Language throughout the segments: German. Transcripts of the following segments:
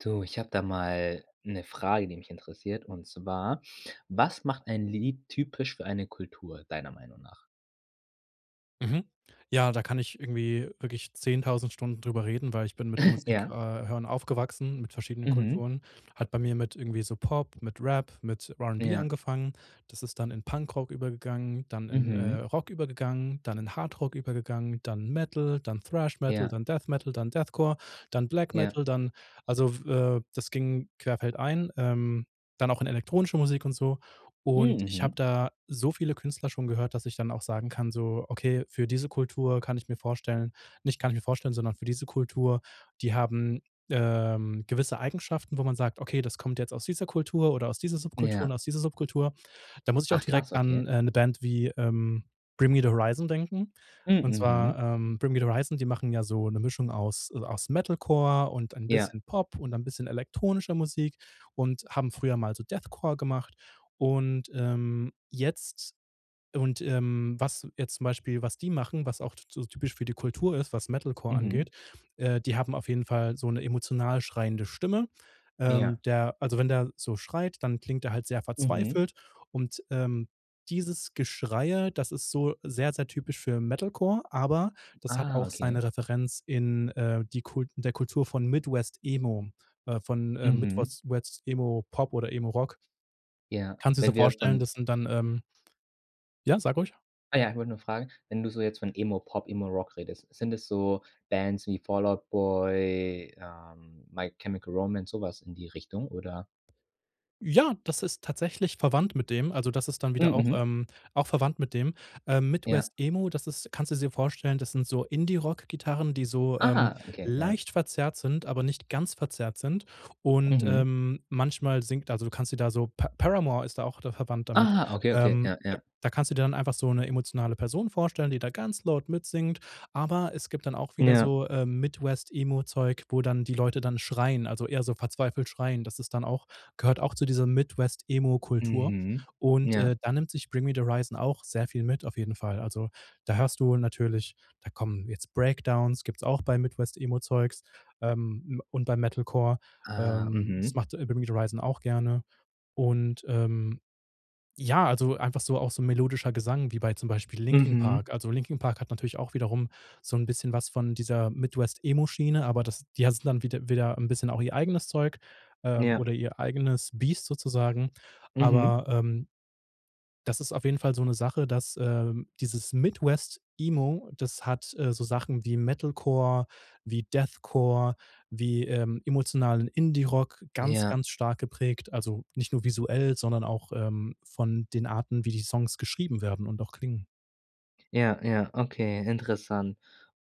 Du, ich habe da mal 'ne Frage, die mich interessiert. Und zwar, was macht ein Lied typisch für eine Kultur, deiner Meinung nach? Mhm, ja, da kann ich irgendwie wirklich 10.000 Stunden drüber reden, weil ich bin mit Musik äh, Ja. hören aufgewachsen, mit verschiedenen Mhm. Kulturen. Hat bei mir mit irgendwie so Pop, mit Rap, mit R&B Ja. angefangen. Das ist dann in Punkrock übergegangen, dann in, äh, Mhm. Rock übergegangen, dann in Hard Rock übergegangen, dann Metal, dann Thrash Metal, Ja. dann Death Metal, dann Deathcore, dann Black Ja. Metal, dann also, w äh, das ging querfeldein, ähm, dann auch in elektronische Musik und so. Hm. Und ich habe Mhm. da so viele Künstler schon gehört, dass ich dann auch sagen kann, so: „Okay, für diese Kultur kann ich mir vorstellen nicht kann ich mir vorstellen, sondern für diese Kultur, die haben, ähm, gewisse Eigenschaften, wo man sagt: ,Okay, das kommt jetzt aus dieser Kultur oder aus dieser Subkultur und Ja. aus dieser Subkultur.’.“ Da muss ich auch Ach krass, direkt an okay. 'ne Band wie, ähm, „Bring Me the Horizon“ denken. Hm, Und mhm. zwar, ähm, „Bring Me the Horizon“, die machen ja so 'ne Mischung aus, äh, aus Metalcore und ein Ja. bisschen Pop und ein bisschen elektronischer Musik und haben früher mal so Deathcore gemacht. Und, ähm, jetzt und, ähm, was jetzt zum Beispiel, was die machen, was auch t so typisch für die Kultur ist, was Metalcore Mhm. angeht, äh, die haben auf jeden Fall so 'ne emotional schreiende Stimme. Ja. Ähm, der also wenn der so schreit, dann klingt der halt sehr Mhm. verzweifelt und, ähm, dieses Geschreie, das ist so sehr, sehr typisch für Metalcore, aber das hat Ah, auch seine okay. Referenz in, äh die Kult der Kultur von Midwest Emo, äh, von, äh, Mhm. Midwost West Emo Pop oder Emo Rock. Ja, Kannst du dir so wenn wir vorstellen, von das sind dann, ähm Ja, sag ruhig. ah ja, ich wollte nur fragen, wenn du so jetzt von Emo Pop, Emo Rock redest, sind es so Bands wie Fall Out Boy, ähm, My Chemical Romance, so was in die Richtung, oder? Ja, das ist tatsächlich verwandt mit dem, also das ist dann Hm, wieder auch, mhm. ähm, auch verwandt mit dem. Ähm, Ja. Midwest Emo, das ist kannst du dir vorstellen, das sind so Indie Rockgitarren, die so, ähm, Aha, okay, ja. leicht verzerrt sind, aber nicht ganz verzerrt sind. Und, Mhm. ähm, manchmal singt also du kannst dir da so, Pa-Paramore ist da auch da verwandt damit. Ah, okay, okay, Ähm, ja, da ja. da kannst du dir dann einfach so 'ne emotionale Person vorstellen, die da ganz laut mitsingt. Aber es gibt dann auch wieder Ja. so, ähm, Midwest Emo-Zeug, wo dann die Leute dann schreien, also eher so verzweifelt schreien. Das ist dann auch gehört auch zu dieser Midwest Emo-Kultur. Mhm. Und, Ja. äh, dann nimmt sich „Bring Me the Horizon“ auch sehr viel mit auf jeden Fall. Also da hörst du natürlich da kommen jetzt Breakdowns, gibt's auch bei Midwest Emo-Zeugs, ähm, und bei Metalcore. Ah, Ähm, das mhm. macht „Bring Me the Horizon“ auch gerne. Und, ähm, ja, also einfach so auch so melodischer Gesang wie bei zum Beispiel „Linkin Mhm. Park“. Also „Linkin Park“ hat natürlich auch wiederum so 'n bisschen was von dieser Midwest Emo-Schiene, aber das die hatten dann wiede wieder 'n bisschen auch ihr eigenes Zeug, ähm, Ja. oder ihr eigenes Biest sozusagen. Mhm. Aber, ähm, das ist auf jeden Fall so 'ne Sache, dass, ähm dieses Midwest Emo, das hat, äh, so Sachen wie Metalcore, wie Deathcore, wie, ähm, emotionalen Indie Rock ganz, Ja. ganz stark geprägt. Also, nicht nur visuell, sondern auch, ähm, von den Arten, wie die Songs geschrieben werden und auch klingen. Ja, ja, okay, interessant.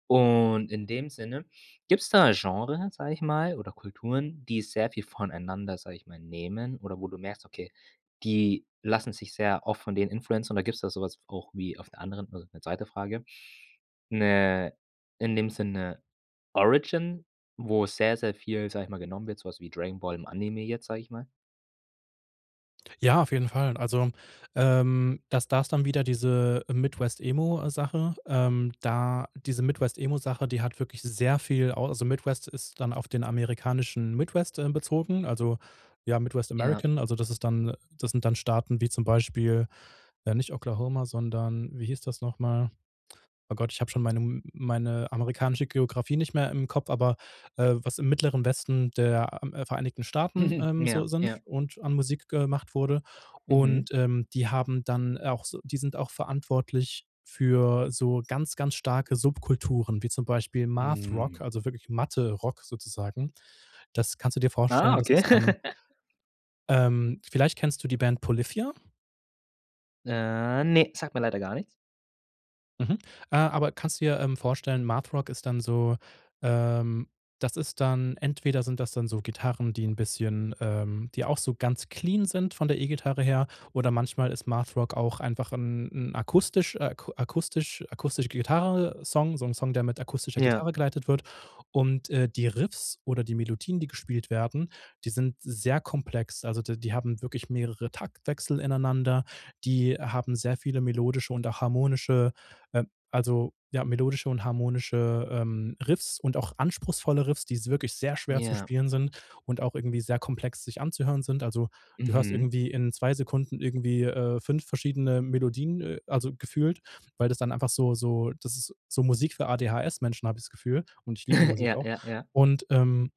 Und, in dem Sinne, gibt's da 'n Genre, sage ich mal, oder Kulturen, die sehr viel voneinander, sage ich mal, nehmen oder wo du merkst, okay, die lassen sich sehr oft von denen beeinflussen? Oder gibt's da so was v auch wie auf der anderen also, 'ne 2. Frage, 'ne in dem Sinn, 'ne Origin, wo sehr, sehr viel, sage ich mal, genommen wird, so was wie „Dragon Ball“ im Anime jetzt, sage ich mal? Ja, auf jeden Fall, also, ähm, das da ist dann wieder diese, äh, „Midwest-Emo“, äh, Sache. Ähm, da diese Midwest-Emo-Sache, die hat wirklich sehr viel au also, Midwest ist dann auf den amerikanischen Midwest ähm, bezogen, also, ja, Midwest Ja. American, also, das ist dann äh, das sind dann Staaten wie zum Beispiel ja, nicht Oklahoma, sondern, wie hieß das noch mal? Oh Gott, ich habe schon mein ähm, m meine amerikanische Geografie nicht mehr im Kopf, aber, äh, was im Mittleren Westen der, äh, A Vereinigten Staaten, ähm, Ja, so sind ja. und an Musik gemacht wurde. Mhm. Und, ähm, die haben dann, äh, auch so die sind auch verantwortlich für so ganz, ganz starke Subkulturen, wie zum Beispiel „Math-Rock“, Mhm. also wirklich Mathe-Rock sozusagen. Das kannst du dir Ah, vorstellen, dass okay. es dann ähm vielleicht kennst du die Band „Polyphia“? Äh, ne, sagt mir leider gar nichts. Mhm, äh, aber kannst du dir, ähm, vorstellen. Math-Rock ist dann so, ähm das ist dann entweder sind das dann so Gitarren, die 'n bisschen, ähm die auch so ganz clean sind von der E-Gitarre her oder manchmal ist Math-Rock auch einfach 'n 'n akustisch äh, aku akustisch akustische Gitarrensong, so 'n Song, der mit akustischer Ja. Gitarre geleitet wird und, äh, die Riffs oder die Melodien, die gespielt werden, die sind sehr komplex. Also, d die haben wirklich mehrere Taktwechsel ineinander. Die haben sehr viele melodische und harmonische, ähm also, ja, melodische und harmonische, ähm, Riffs und auch anspruchsvolle Riffs, die s wirklich sehr schwer zu Ja. spielen sind und auch irgendwie sehr komplex sich anzuhören sind. Also, du hörst Mhm. irgendwie in 2 Sekunden irgendwie, äh, 5 verschiedene Melodien, äh, also, gefühlt, weil das dann einfach so so das ist so Musik für ADHS-Menschen, habe ich das Gefühl und ich liebe die Musik Ja, auch. ja, ja. Und, ähm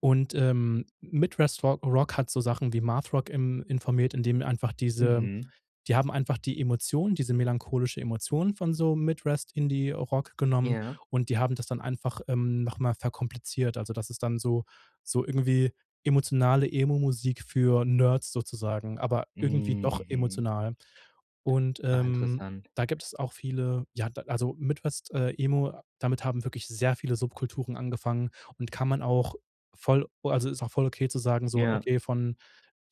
und, ähm, Midwest Ro Rock hat so Sachen wie Math-Rock, ähm, informiert, indem er einfach diese Mhm. die haben einfach die Emotionen diese melancholische Emotionen von so Midwest-Indie-Rock genommen Ja. und die haben das dann einfach, ähm, noch mal verkompliziert. Also, das ist dann so so irgendwie emotionale Emo-Musik für Nerds sozusagen, aber irgendwie Hm, doch mhm. emotional. Und, Ah, ähm, interessant. da gibt's auch viele ja, da also, Midwest, äh, Emo, damit haben wirklich sehr viele Subkulturen angefangen und kann man auch voll, o also, ist auch voll okay zu sagen, so: Ja. „Okay, von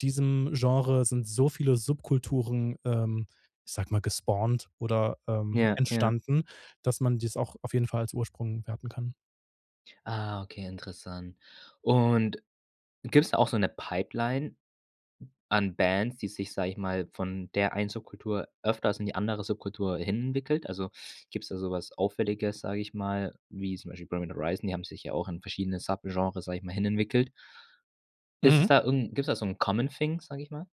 diesem Genre sind so viele Subkulturen, ähm, ich sage mal, gespawnt oder, ähm, Ja, ja. entstanden, dass man dies auch auf jeden Fall als Ursprung werten kann." Ah, okay, interessant. Und gibt's da auch so 'ne Pipeline an Bands, die sich, sage ich mal, von der einen Subkultur öfters in die andere Subkultur hin entwickelt? Also, gibt's da so was Auffälliges, sage ich mal, wie zum Beispiel Bring Me The Horizon, die haben sich ja auch in verschiedene Subgenres, sage ich mal, hinentwickelt. Ist es Mhm. da irgend gibt's da so 'n common thing, sage ich mal?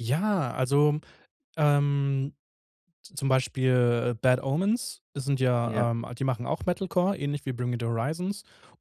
Ja, also, ähm, zum Beispiel, äh, Bad Omens, sind ja, Ja. ähm die machen auch Metal Core ähnlich wie Bring Me The Horizon.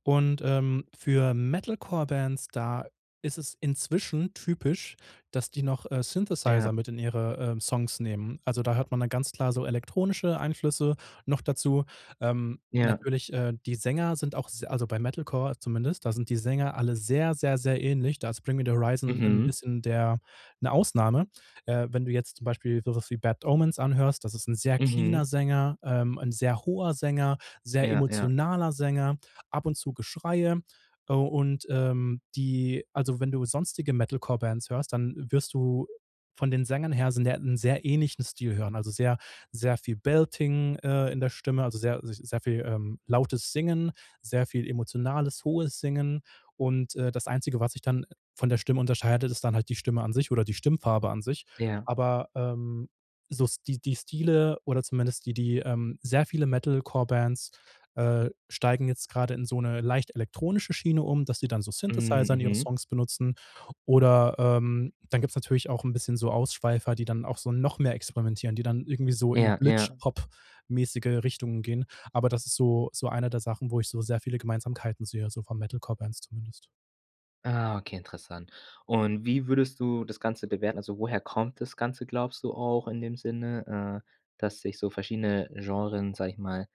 Und, ähm, für Metal-Core-Bands, da ist es inzwischen typisch, dass die noch, äh, Ja. Synthesizer mit in ihre, ähm, Songs nehmen. Also, da hört man dann ganz klar so elektronische Einflüsse noch dazu. Ähm, Ja. Ja. natürlich, äh, die Sänger sind auch se also, bei Metal Core zumindest, da sind die Sänger alle sehr, sehr, sehr ähnlich. Da ist Bring Me The Horizon ein Mhm. bisschen der 'ne Ausnahme. Äh, wenn du jetzt zum Beispiel sowas wie Bad Omens anhörst, das ist ein sehr cleaner Mhm. Sänger, ähm, 'n sehr hoher Sänger, sehr Ja, ja. emotionaler Sänger, ab und zu Geschreie. Äh, und, ähm, die also, wenn du sonstige Metal Core Bands hörst, dann wirst du von den Sängern her sind ja, 'n sehr ähnlichen Stil hören, also, sehr, sehr viel Belting, äh, in der Stimme, also, sehr, äh, sich sehr viel, ähm, lautes Singen, sehr viel emotionales hohes Singen. Und, äh, das Einzige, was sich dann von der Stimme unterscheidet, ist dann halt die Stimme an sich oder die Stimmfarbe an sich. Ja. Aber, ähm, so Sti die Stile oder zumindest die die, ähm sehr viele Metal Core Bands, äh, steigen jetzt gerade in so 'ne leicht elektronische Schiene um, dass sie dann so Mhm, Synthesizer in ihre mhm. Songs benutzen. Oder, ähm, dann gibt's natürlich auch 'n bisschen so Ausschweifer, die dann auch so noch mehr experimentieren. Die dann irgendwie so in Ja, ja. Glitch-Hop-mäßige Richtungen gehen. Aber das ist so so einer der Sachen, wo ich so sehr viele Gemeinsamkeiten sehe, so von Metal-Core-Bands zumindest. Ah, okay, interessant, und wie würdest du das Ganze bewerten? Also, woher kommt das Ganze, glaubst du, auch in dem Sinne, äh, dass sich so verschiedene Genren, sage ich mal,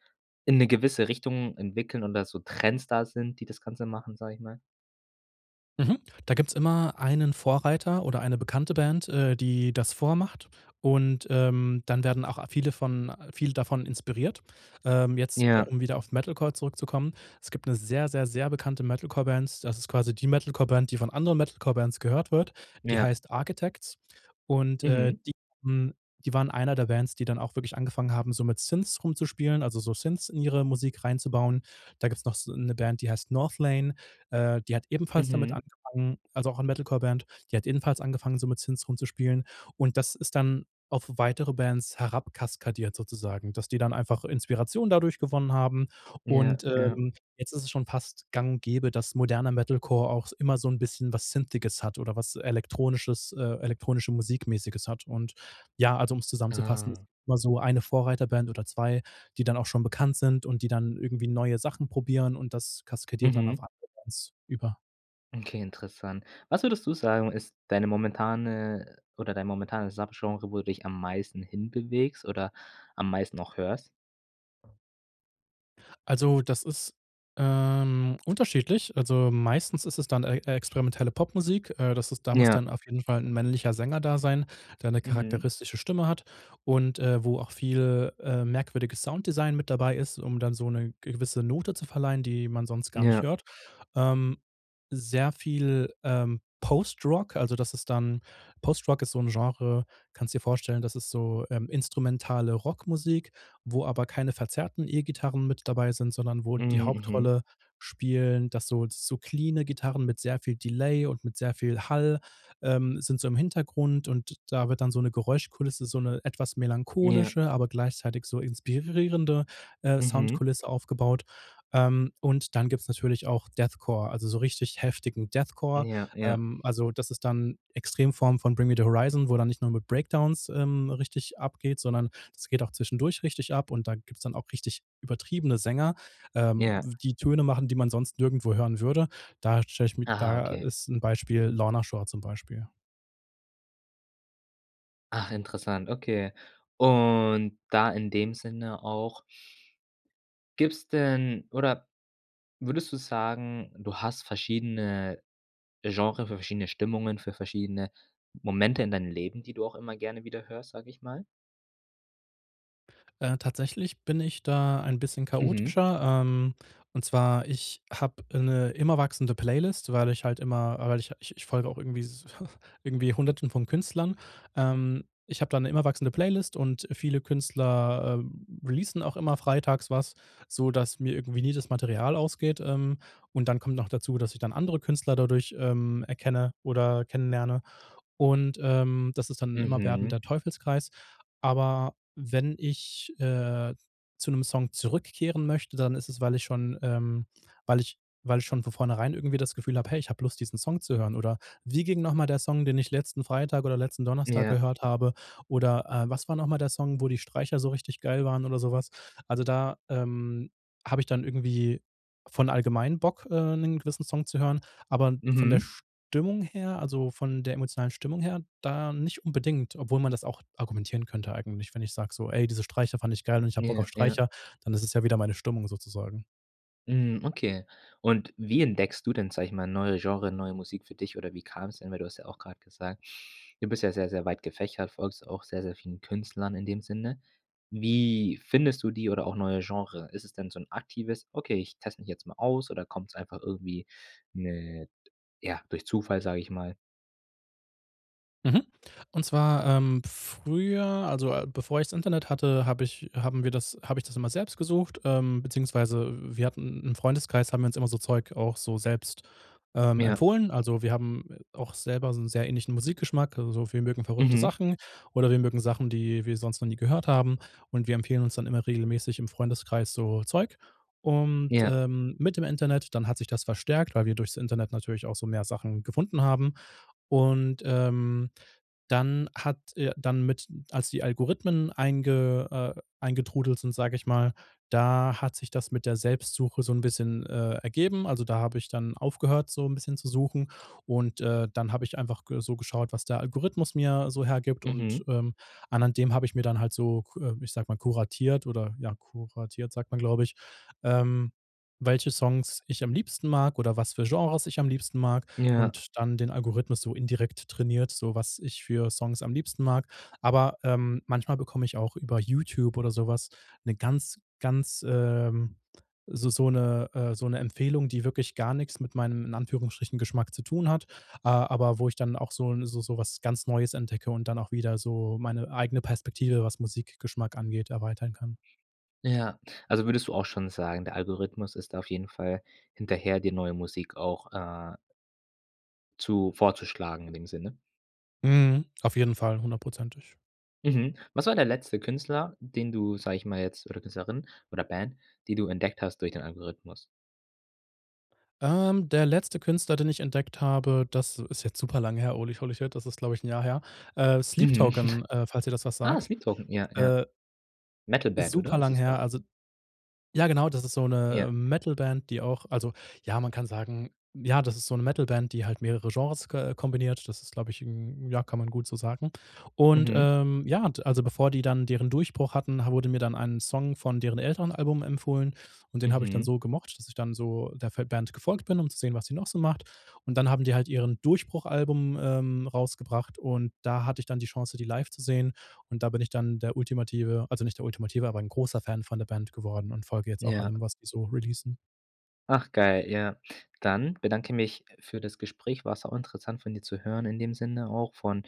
in 'ne gewisse Richtung entwickeln und dass so Trends da sind, die das Ganze machen, sage ich mal? Mhm, da gibt's immer einen Vorreiter oder eine bekannte Band, äh, die das vormacht und, ähm, dann werden auch a viele von viele davon inspiriert. Ähm, jetzt Ja. um wieder auf Metalcore zurückzukommen. Es gibt 'ne sehr, sehr, sehr bekannte Metalcore-Band. Das ist quasi die Metalcore-Band, die von anderen Metalcore-Bands gehört wird. Die Ja. heißt Architects. Und, äh, Mhm. die [unintelligible] die waren eine der Bands, die dann auch wirklich angefangen haben, so mit Synths rumzuspielen, also, so Synths in ihre Musik reinzubauen. Da gibt's noch so 'ne Band, die heißt Northlane äh, die hat ebenfalls damit Mhm. angefangen, also, auch ein Metalcore-Band die hat ebenfalls angefangen, so mit Synths rumzuspielen. Und das ist dann auf weitere Bands herab kaskadiert sozusagen, dass die dann einfach Inspiration dadurch gewonnen haben. Ja, Und, ja. ähm, jetzt ist es schon fast gang und gäbe, dass moderner Metalcore auch immer so 'n bisschen was synthiges hat oder was elektronisches, äh elektronische-Musik-mäßiges hat. Und ja, also, um's zusammenzufassen, es Ah. gibt immer so eine Vorreiterband oder 2, die dann auch schon bekannt sind und die dann irgendwie neue Sachen probieren und das kaskadiert dann auf Mhm. andere Bands über. Okay, interessant. Was würdest du sagen, ist deine momentane, äh, oder dein momentanes Subgenre wo du dich am meisten hinbewegst oder am meisten auch hörst? Also das ist, ähm, unterschiedlich. Also, meistens ist es dann ex experimentelle Popmusik. Äh, das ist da muss Ja. dann auf jeden Fall 'n männlicher Sänger da sein, der eine Mhm. charakteristische Stimme hat und, äh, wo auch viel, äh, merkwürdiges Sounddesign mit dabei ist, um dann so 'ne gewisse Note zu verleihen, die man sonst gar nicht Ja. hört. Ähm, sehr viel, ähm, Postrock, also das ist dann Postrock ist so 'n Genre, kannst dir vorstellen, das ist so, ähm, instrumentale Rockmusik, wo aber keine verzerrten E-Gitarren mit dabei sind, sondern wo die Mhm. Mhm. Hauptrolle spielen, dass so so cleane Gitarren mit sehr viel Delay und mit sehr viel Hall, ähm, sind so im Hintergrund und da wird dann so 'ne Geräuschkulisse, so 'ne etwas Ja. melancholische, aber gleichzeitig so inspirierende, äh, Mhm. Soundkulisse aufgebaut. Ähm, und dann gibt's natürlich auch Deathcore, also so richtig heftigen Deathcore. Ja, ja. Ähm, also das ist dann, äh, Extremform von Bring me the Horizon, wo dann nicht nur mit Breakdowns, ähm, richtig abgeht, sondern das geht auch zwischendurch richtig ab und da gibt's dann auch richtig übertriebene Sänger, ähm, Ja. w die Töne machen, die man sonst nirgendwo hören würde. Da stelle ich mir Aha, da okay. ist 'n Beispiel Lorna Shore zum Beispiel. Ach interessant, okay. Und da in dem Sinne auch gibt's denn oder würdest du sagen, du hast verschiedene Genre, für verschiedene Stimmungen, für verschiedene Momente in deinem Leben, die du auch immer gerne wieder hörst, sage ich mal? Äh, tatsächlich bin ich da ein bisschen Mhm. chaotischer. Ähm, und zwar ich habe 'ne immer wachsende Playlist, weil ich halt immer ah, weil ha ich ich folge auch irgendwie s irgendwie Hunderten von Künstlern. Ähm, ich habe da 'ne immer wachsende Playlist und viele Künstler, äh, releasen auch immer freitags was, sodass mir irgendwie nie das Material ausgeht. Ähm, und dann kommt noch dazu, dass ich dann andere Künstler dadurch, ähm, erkenne oder kennenlerne. Und, ähm, das ist dann 'n immer werdender Mhm. Teufelskreis. Aber wenn ich, äh, zu 'nem Song zurückkehren möchte, dann ist es, weil ich schon, ähm weil ich weil ich schon von vornherein irgendwie das Gefühl habe: „Hey, ich habe Lust, diesen Song zu hören.“ Oder: „Wie ging noch mal der Song, den ich letzten Freitag oder letzten Donnerstag Ja. gehört habe?“ Oder, äh: „Was war noch mal der Song, wo die Streicher so richtig geil waren“ oder so was? Also, da, ähm, habe ich dann irgendwie von allgemein Bock, äh, 'nen gewissen Song zu hören, aber von der Mhm. Stimmung her, also, von der emotionalen Stimmung her, da nicht unbedingt, obwohl man das auch argumentieren könnte eigentlich. Wenn ich sag so: „Ey, diese Streicher fand ich geil und ich habe Bock Ja, auf ja. Streicher,“ dann ist es ja wieder meine Stimmung sozusagen. Hm, okay. Und wie entdeckst du denn, sage ich mal, neue Genre, neue Musik für dich oder wie kam's denn weil du hast ja auch grad gesagt, du bist ja sehr, sehr weit gefächert, folgst auch sehr, sehr vielen Künstlern in dem Sinne. Wie findest du die oder auch neue Genre? Ist es denn so 'n aktives: „Okay, ich teste mich jetzt mal aus.“ oder kommt's einfach irgendwie, ne ja, durch Zufall, sage ich mal? Mhm, und zwar, ähm, früher, also, äh, bevor ich's Internet hatte, hab ich haben wir das habe ich das immer selbst gesucht. Ähm, beziehungsweise wir hatten im Freundeskreis haben wir uns immer so Zeug auch so selbst, ähm, Ja. empfohlen. Also wir haben, äh, auch selber so 'n sehr ähnlichen Musikgeschmack. Also wir mögen verrückte Mhm. Sachen oder wir mögen Sachen, die wir sonst noch nie gehört haben. Und wir empfehlen uns dann immer regelmäßig im Freundeskreis so Zeug. Und, Ja. ähm, mit dem Internet dann hat sich das verstärkt, weil wir durch's Internet natürlich auch so mehr Sachen gefunden haben. Und, ähm, dann hat, äh dann mit als die Algorithmen einge äh, eingetrudelt sind, sage ich mal, da hat sich das mit der Selbstsuche so 'n bisschen, äh, ergeben. Also da habe ich dann aufgehört so 'n bisschen zu suchen. Und, äh, dann habe ich einfach ge so geschaut, was der Algorithmus mir so hergibt. Und, Mhm. ähm, anhand dem habe ich mir dann halt so ku ich sag mal kuratiert oder, ja kuratiert sagt man, glaube ich, ähm, welche Songs ich am liebsten mag oder was für Genres ich am liebsten mag Ja. und dann den Algorithmus so indirekt trainiert, so was ich für Songs am liebsten mag. Aber, ähm, manchmal bekomme ich auch über YouTube oder sowas 'ne ganz, ganz, ähm so so 'ne, äh so 'ne Empfehlung, die wirklich gar nichts mit meinem, in Anführungsstrichen, Geschmack zu tun hat, ah, aber wo ich dann auch so 'n so so was ganz Neues entdecke und dann auch wieder so meine eigene Perspektive, was Musikgeschmack angeht, erweitern kann. Ja, also würdest du auch schon sagen, der Algorithmus ist auf jeden Fall hinterher, dir neue Musik auch, äh zu vorzuschlagen in dem Sinne? Mhm, auf jeden Fall, hundertprozentig. Mhm. Was war der letzte Künstler, den du, sage ich mal, jetzt oder Künstlerin oder Band, die du entdeckt hast durch den Algorithmus? Ähm, der letzte Künstler, den ich entdeckt habe, das ist jetzt super lang her, holy, holy shit, das ist, glaube ich, 'n Jahr her. Äh, „Sleep Mhm. Token“, äh, falls dir das was Ah, sagt. „Sleep Token“ ja, ja. Äh. Ist Metal-Band, super oder, ist lang es her. doch. Also ja, genau, das ist so 'ne, Ja. äh, Metal-Band, die auch Also, ja, man kann sagen ja, das ist so 'ne Metal-Band, die halt mehrere Genres k kombiniert. Das ist, glaube ich hm, ja, kann man gut so sagen. Und, Mhm. ähm, ja, und, also, bevor die dann deren Durchbruch hatten, wurde mir dann ein Song von deren älteren Album empfohlen. Und den habe ich dann Mhm. so gemocht, dass ich dann so der f der Band gefolgt bin, um zu sehen, was sie noch so macht. Und dann haben die halt ihren Durchbruch-Album, ähm, rausgebracht und da hatte ich dann die Chance, die live zu sehen. Und da bin ich dann der ultimative, also nicht der ultimative, aber 'n großer Fan von der Band geworden und folge jetzt auch Ja. allem, was die so releasen. Ach geil, ja. Dann bedanke mich für das Gespräch. War sauinteressant von dir zu hören in dem Sinne auch, von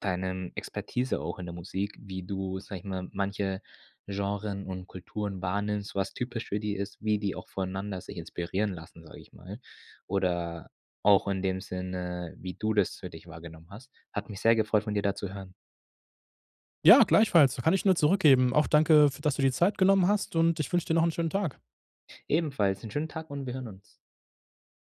deinem Expertise auch in der Musik, wie du, sage ich mal, manche Genren und Kulturen wahrnimmst, was typisch für die ist, wie die auch voneinander sich inspirieren lassen, sage ich mal. Oder auch in dem Sinne, wie du das für dich wahrgenommen hast. Hat mich sehr gefreut, von dir da zu hören. Ja, gleichfalls kann ich nur zurückgeben. Auch danke, f dass du dir Zeit genommen hast und ich wünsche dir noch 'n schönen Tag. Ebenfalls 'n schönen Tag und wir hören uns.